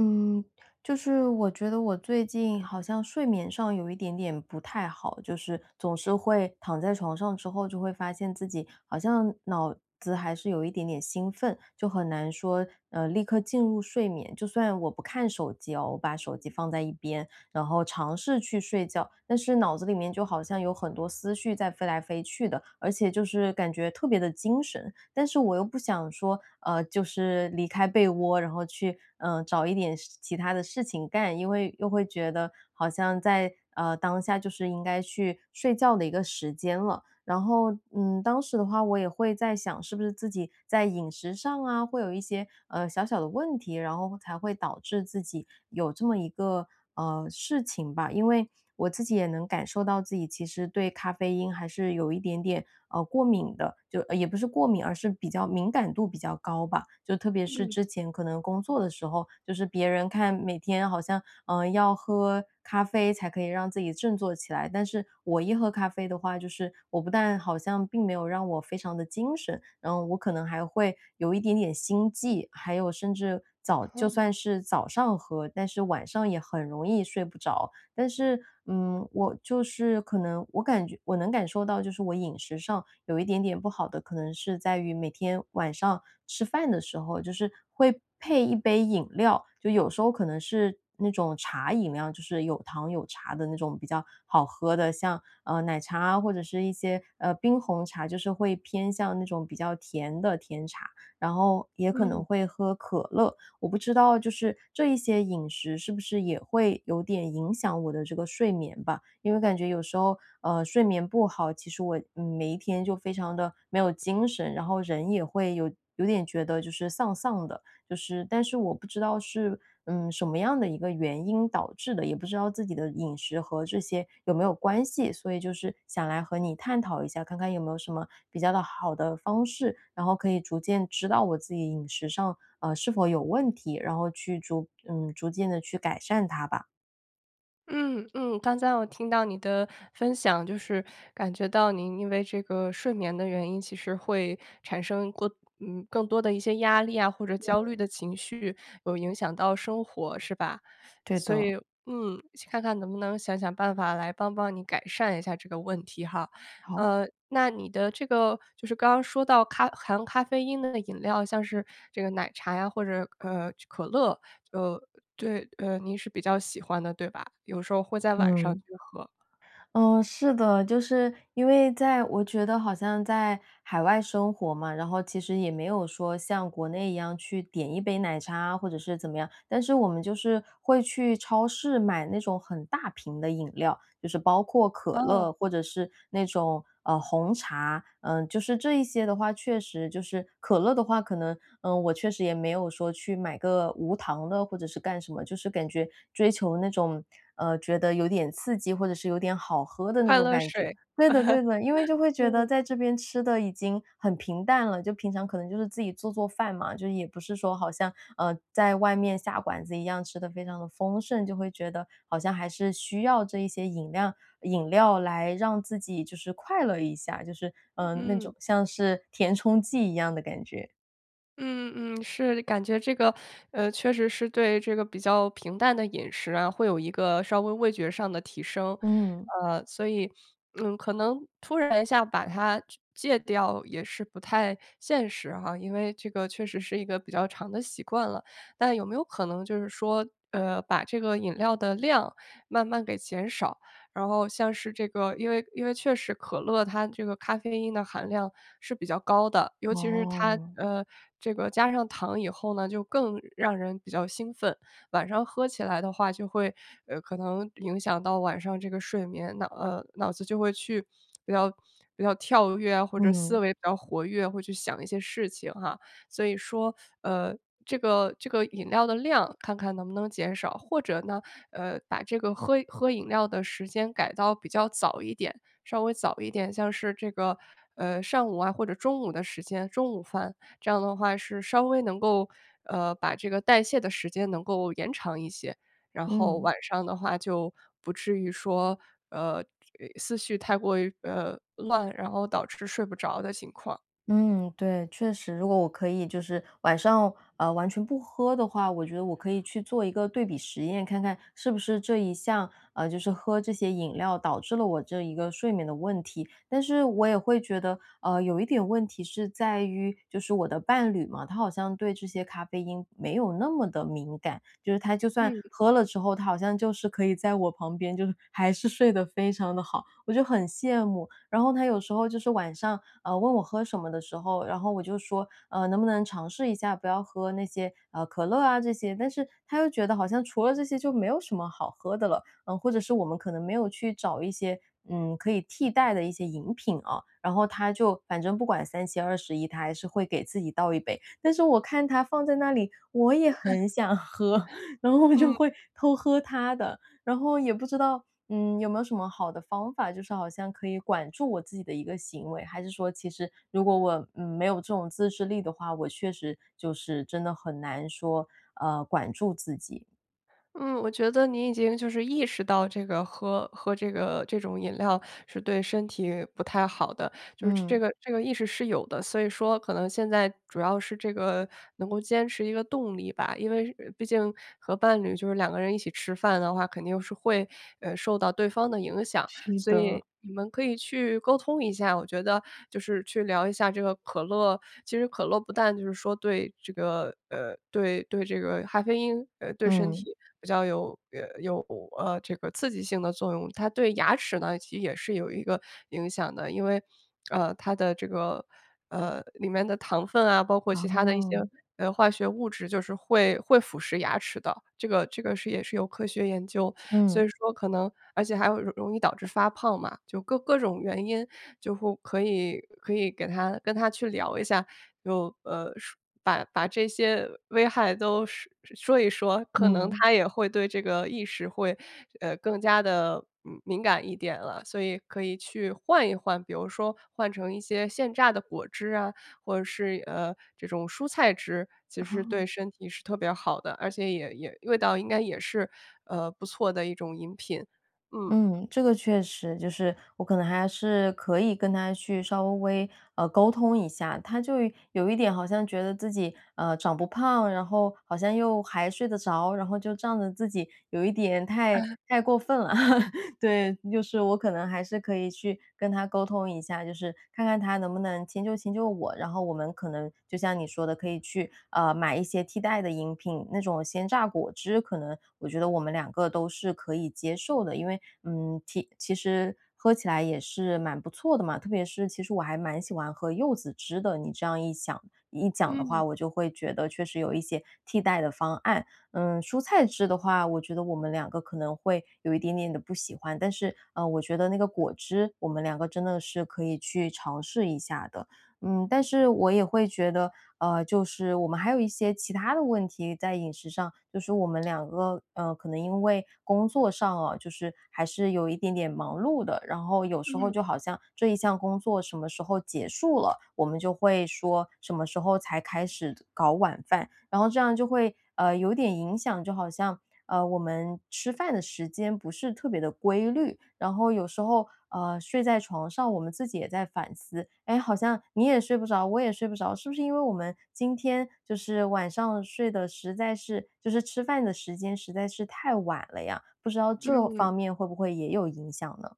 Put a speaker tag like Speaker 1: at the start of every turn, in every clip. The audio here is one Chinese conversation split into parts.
Speaker 1: 嗯，就是我觉得我最近好像睡眠上有一点点不太好，就是总是会躺在床上之后，就会发现自己好像脑子还是有一点点兴奋。就很难说，呃，立刻进入睡眠，就算我不看手机哦，我把手机放在一边，然后尝试去睡觉，但是脑子里面就好像有很多思绪在飞来飞去的，而且就是感觉特别地精神。但是我又不想说，呃，就是离开被窝，然后去，呃，找一点事其它的事情干，因为又会觉得好像在，呃，当下就是应该去睡觉的一个时间了。然后，嗯，当时的话我也会在想是不是自己在饮食上啊，会有一些，呃，小小的问题，然后才会导致自己有这么一个，呃，事情吧。因为我自己也能感受到自己其实对咖啡因还是有一点点，啊，过敏的，就呃也不是过敏，而是比较敏感度比较高吧，就特别是
Speaker 2: 嗯。
Speaker 1: 之前可能工作的时候，就是别人看每天好像，呃，要喝咖啡才可以让自己振作起来。但是我一喝咖啡的话，就是我不但好像并没有让我非常的精神，然后我可能还会有一点点心悸，还有甚至早就算
Speaker 2: 啊。
Speaker 1: 是早上喝，但是晚上也很容易睡不着。但是，嗯，我就是可能我感觉我能感受到就是，我饮食上有一点点不好的，可能是在于每天晚上吃饭的时候，就是会配1杯饮料。就有时候可能是那种茶饮料，就是有糖有茶的那种比较好喝的，像，呃，奶茶啊，或者是一些，呃，冰红茶，就是会偏向那种比较甜的甜茶，然后也可能
Speaker 2: 嗯。
Speaker 1: 会喝可乐。我不知道就是这一些饮食是不是也会有点影响我的这个睡眠吧，因为感觉有时候，呃，睡眠不好，其实我每一天就非常的没有精神，然后人也会有有点觉得就是丧丧的。就是但是我不知道是，嗯，什么样的一个原因导致的，也不知道自己的饮食和这些有没有关系，所以就是想来和你探讨一下。看看有没有什么比较的好的方式，然后可以逐渐知道我自己饮食上，呃，是否有问题，然后去逐嗯，逐渐地去改善它吧。
Speaker 2: 嗯嗯，刚才我听到你的分享，就是，感觉到您因为这个睡眠的原因其实会产生更嗯，更多的一些压力啊，或者焦虑
Speaker 1: 嗯。
Speaker 2: 的情绪有影响到生活是吧？
Speaker 1: 对
Speaker 2: 所以
Speaker 1: 的。
Speaker 2: 嗯，去看看能不能想想办法来帮帮你改善一下这个问题哈。
Speaker 1: 好。
Speaker 2: 呃，那你的这个就是刚刚说到，咖含咖啡因的那饮料，像是这个奶茶呀，或者，呃，可乐，呃，对，呃您是比较喜欢的，对吧？有时候会在晚上去
Speaker 1: 嗯。
Speaker 2: 喝。
Speaker 1: 嗯，是的。就是因为在我觉得好像在海外生活嘛，然后其实也没有说像国内一样去点一杯奶茶啊，或者是怎么样。但是我们就是会去超市买那种很大瓶的饮料，就是包括可
Speaker 2: 嗯。
Speaker 1: 乐，或者是那种，呃，红茶。嗯，就是这一些的话，确实，就是可乐的话，可能，呃，我确实也没有说去买个无糖的，或者是干什么。就是感觉追求那种，呃，觉得有点刺激，或者是有点好喝的那
Speaker 2: 快
Speaker 1: 种
Speaker 2: 乐
Speaker 1: 感觉。
Speaker 2: 水。
Speaker 1: 对的对的，因为就会 觉得
Speaker 2: 嗯。
Speaker 1: 在这边吃的已经很平淡了，就平常可能就是自己做做饭嘛，就也不是说好像，嗯，在外面下馆子一样吃得非常地丰盛，就会觉得好像还是需要这一些饮料饮料来让自己就是快乐一下，就是，嗯，那种
Speaker 2: 嗯。
Speaker 1: 像是填充剂一样的感觉。
Speaker 2: 嗯嗯，是感觉这个，呃，确实是对这个比较平淡的饮食啊，会有一个稍微味觉上的提升。
Speaker 1: 嗯。
Speaker 2: 呃，所以，嗯，可能突然一下把它戒掉也是不太现实哈，因为这个确实是一个比较长的习惯了。但有没有可能就是说，呃，把这个饮料的量慢慢给减少，然后像是这个因为因为确实可乐它这个咖啡因的含量是比较高的，尤其是它
Speaker 1: 哦。
Speaker 2: 呃，这个加上糖以后呢，就更让人比较兴奋，晚上喝起来的话，就会，呃，可能影响到晚上这个睡眠，那，呃，脑子就会去比较比较跳跃或者思
Speaker 1: 嗯。
Speaker 2: 维比较活跃，会去想一些事情哈。所以说，呃，这个这个饮料的量，看看能不能减少。或者呢，呃，把这个喝喝饮料的时间改到比较早一点，稍微早一点，像是这个，呃，上午啊，或者中午的时间，中午饭，这样的话是稍微能够，呃，把这个代谢的时间能够延长一些。然后
Speaker 1: 嗯。
Speaker 2: 晚上的话就不至于说，呃，思绪太过于，呃，乱，然后导致睡不着的情况。
Speaker 1: 嗯，对，确实。如果我可以就是晚上，呃，完全不喝的话，我觉得我可以去做一个对比实验，看看是不是这一项，呃，就是喝这些饮料导致了我这一个睡眠的问题。但是我也会觉得，呃，有一点问题是在于，就是我的伴侣嘛，他好像对这些咖啡因没有那么地敏感，就是他就算
Speaker 2: 嗯。
Speaker 1: 喝了之后，他好像就是可以在我旁边，就是还是睡得非常地好，我就很羡慕。然后他有时候就是晚上，呃，问我喝什么的时候，然后我就说，呃，能不能尝试一下，不要喝那些，啊，可乐啊这些，但是他又觉得好像除了这些就没有什么好喝的了。呃，或者是我们可能没有去找一些，嗯，可以替代的一些饮品哦。然后他就反正不管三七二十一，他还是会给自己倒一杯。但是我看他放在那里，我也 很想喝，然后我就
Speaker 2: 嗯。
Speaker 1: 会偷喝他的。然后也不知道，嗯，有没有什么好的方法，就是好像可以管住我自己的一个行为，还是说其实如果我没有这种自制力的话，我确实就是真的很难说，呃，管住自己。
Speaker 2: 嗯，我觉得你已经就是意识到这个喝喝这个这种饮料是对身体不太好的，就是
Speaker 1: 嗯。
Speaker 2: 这个这个意识是有的，所以说，可能现在主要是这个能够坚持一个动力吧。因为是毕竟和伴侣就是2个人一起吃饭的话，肯定是会，呃，受到对方的影响，
Speaker 1: 是
Speaker 2: 所
Speaker 1: 的。
Speaker 2: 以你们可以去沟通一下，我觉得就是去聊一下这个可乐其实可乐不但就是说对这个，呃，对对这个咖啡因，呃，对身
Speaker 1: 嗯。
Speaker 2: 体比较有呃有呃这个刺激性的作用，它对牙齿呢，其实也是有一个影响的，因为，呃，它的这个，呃，里面的糖分啊，包括其他的一些，
Speaker 1: 哦。
Speaker 2: 呃，化学物质就是会会腐蚀牙齿的，这个这个是也是有科学研究，所
Speaker 1: 嗯。
Speaker 2: 以说，可能而且还有容易导致发胖嘛。就各各种原因就会可以可以给他跟他去聊一下，有，呃，说把把这些危害都说说一说，可能
Speaker 1: 嗯。
Speaker 2: 他也会对这个意识会更加地，嗯，敏感一点了，所以可以去换一换。比如说换成一些现榨的果汁啊，或者是，呃，这种蔬菜汁，其实
Speaker 1: 哦。
Speaker 2: 对身体是特别好的，而且也也味道应该也是，呃，不错的一种饮品。嗯。
Speaker 1: 嗯，这个确实，就是我可能还是可以跟他去稍微，呃，沟通一下，他就有一点好像觉得自己，呃，长不胖，然后好像又还睡得着，然后就仗着自己有一点太
Speaker 2: 哎。
Speaker 1: 太过分了。对，就是我可能还是可以去跟他沟通一下，就是看看他能不能迁就迁就我，然后我们可能就像你说的，可以去，呃，买一些替代的饮品，那种鲜榨果汁可能我觉得我们两个都是可以接受的，因为，嗯，其其实喝起来也是蛮不错的嘛，特别是其实我还蛮喜欢喝柚子汁的，你这样一想一讲的话，
Speaker 2: 嗯。
Speaker 1: 我就会觉得确实有一些替代的方案。嗯，蔬菜汁的话，我觉得我们两个可能会有一点点地不喜欢，但是，呃，我觉得那个果汁我们两个真的是可以去尝试一下的。嗯，但是我也会觉得，呃，就是我们还有一些其他的问题在饮食上，就是我们两个，呃，可能因为工作上哦，就是还是有一点点忙碌的，然后有时候
Speaker 2: 嗯。
Speaker 1: 就好像这一项工作什么时候结束了，我们就会说什么时候才开始搞晚饭，然后这样就会，呃，有点影响就好像，呃，我们吃饭的时间不是特别地规律，然后有时候，呃，睡在床上，我们自己也在反思，哎，好像你也睡不着，我也睡不着，是不是因为我们今天就是晚上睡得实在是就是吃饭的时间实在是太晚了呀，不知道这
Speaker 2: 嗯。
Speaker 1: 方面会不会也有影响呢？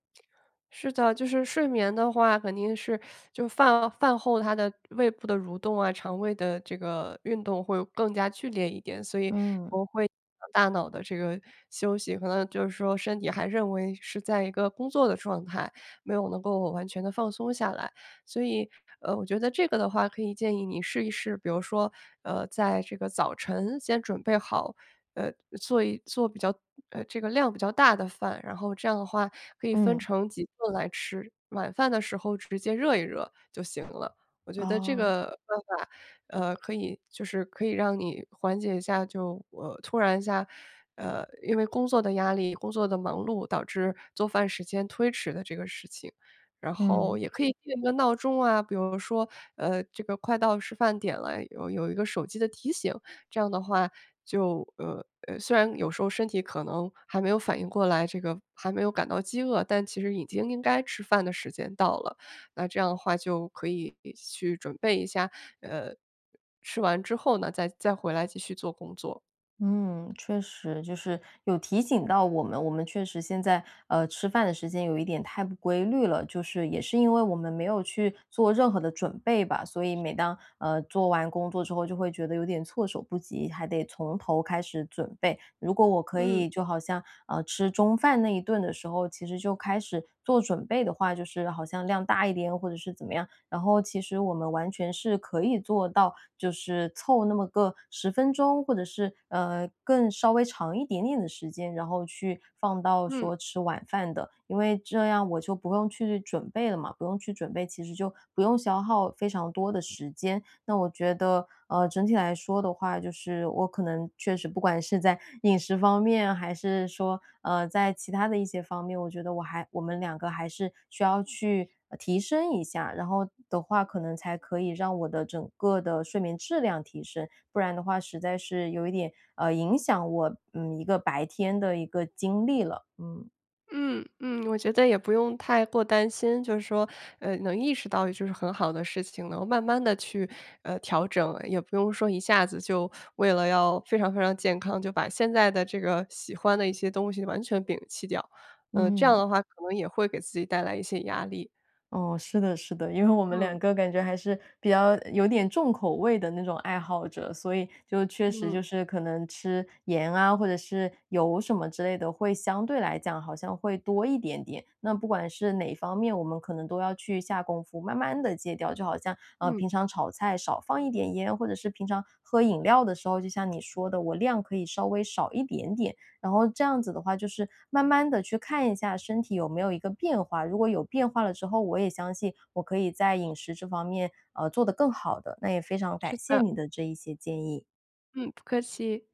Speaker 2: 是的，就是睡眠的话，肯定是 就饭饭后它的胃部的蠕动啊，肠胃的这个运动会更加剧烈一点，所以
Speaker 1: 嗯。
Speaker 2: 我会 [unintelligible] 大脑的这个休息，可能就是说身体还认为是在一个工作的状态，没有能够完全地放松下来，所以，呃，我觉得这个的话可以建议你试一试，比如说，呃，在这个早晨先准备好，呃，做一做比较，呃，这个量比较大的饭，然后这样的话可以分
Speaker 1: 嗯。
Speaker 2: 成几顿来吃，晚饭的时候直接热一热就行了。我觉得这
Speaker 1: 哦。
Speaker 2: 个办法，呃，可以就是可以让你缓解一下，就突然一下，呃，因为工作的压力，工作的忙碌导致做饭时间推迟的这个事情，然后
Speaker 1: 嗯。
Speaker 2: 也可以定一个闹钟啊，比如说，呃，这个快到吃饭点了，有有一个手机的提醒，这样的话就，呃呃，虽然有时候身体可能还没有反应过来，这个还没有感到饥饿，但其实已经应该吃饭的时间到了，那这样的话就可以去准备一下，呃，吃完之后呢，再再回来继续做工作。
Speaker 1: 嗯，确实，就是有提醒到我们，我们确实现在，呃，吃饭的时间有一点太不规律了。就是，也是因为我们没有去做任何的准备吧！所以每当，呃，做完工作之后，就会觉得有点措手不及，还得从头开始准备。如果我可
Speaker 2: 嗯。
Speaker 1: 以就好像，呃，吃中饭那一顿的时候，其实就开始做准备的话，就是好像量大一点或者是怎么样，然后其实我们完全是可以做到就是凑那么个10分钟，或者是，呃，更稍微长一点点的时间，然后去放到
Speaker 2: 嗯。
Speaker 1: 说吃晚饭的，因为这样我就不用去准备了嘛。不用去准备，其实就不用消耗非常多的时间。那我觉得，呃，整体来说的话，就是我可能确实不管是在饮食方面，还是说，呃，在其他的一些方面，我觉得我还我们2个还是需要去提升一下，然后的话可能才可以让我的整个的睡眠质量提升。不然的话实在是有一点，呃，影响我，嗯，一个白天的一个精力了，嗯。
Speaker 2: 嗯，嗯，我觉得也不用太过担心，就是说，呃，能意识到就是很好的事情啦。然后慢慢地去，呃，调整，也不用说一下子就为了要非常非常健康，就把现在的这个喜欢的一些东西完全摒弃掉，呃，这样的
Speaker 1: 嗯。
Speaker 2: 话可能也会给自己带来一些压力。
Speaker 1: 哦，是的是的。因为我们
Speaker 2: 嗯。
Speaker 1: 两个感觉还是比较有点重口味的那种爱好者，所以就确实
Speaker 2: 嗯。
Speaker 1: 就是可能吃盐啊，或者是油什么之类的，会相对来讲好像会多一点点。那不管是哪方面，我们可能都要去下功夫，慢慢地戒掉，就好像，呃，
Speaker 2: 嗯
Speaker 1: 平常炒菜，少放一点盐，或者是平常喝饮料的时候，就像你说的，我量可以稍微少一点点。然后这样子的话，就是慢慢地去看一下身体有没有一个变化，如果有变化了之后，我也相信我可以在饮食这方面，呃，做得更好的。那也非常
Speaker 2: 是
Speaker 1: 感谢
Speaker 2: 的。
Speaker 1: 你的这一些建议。
Speaker 2: 嗯，不客气。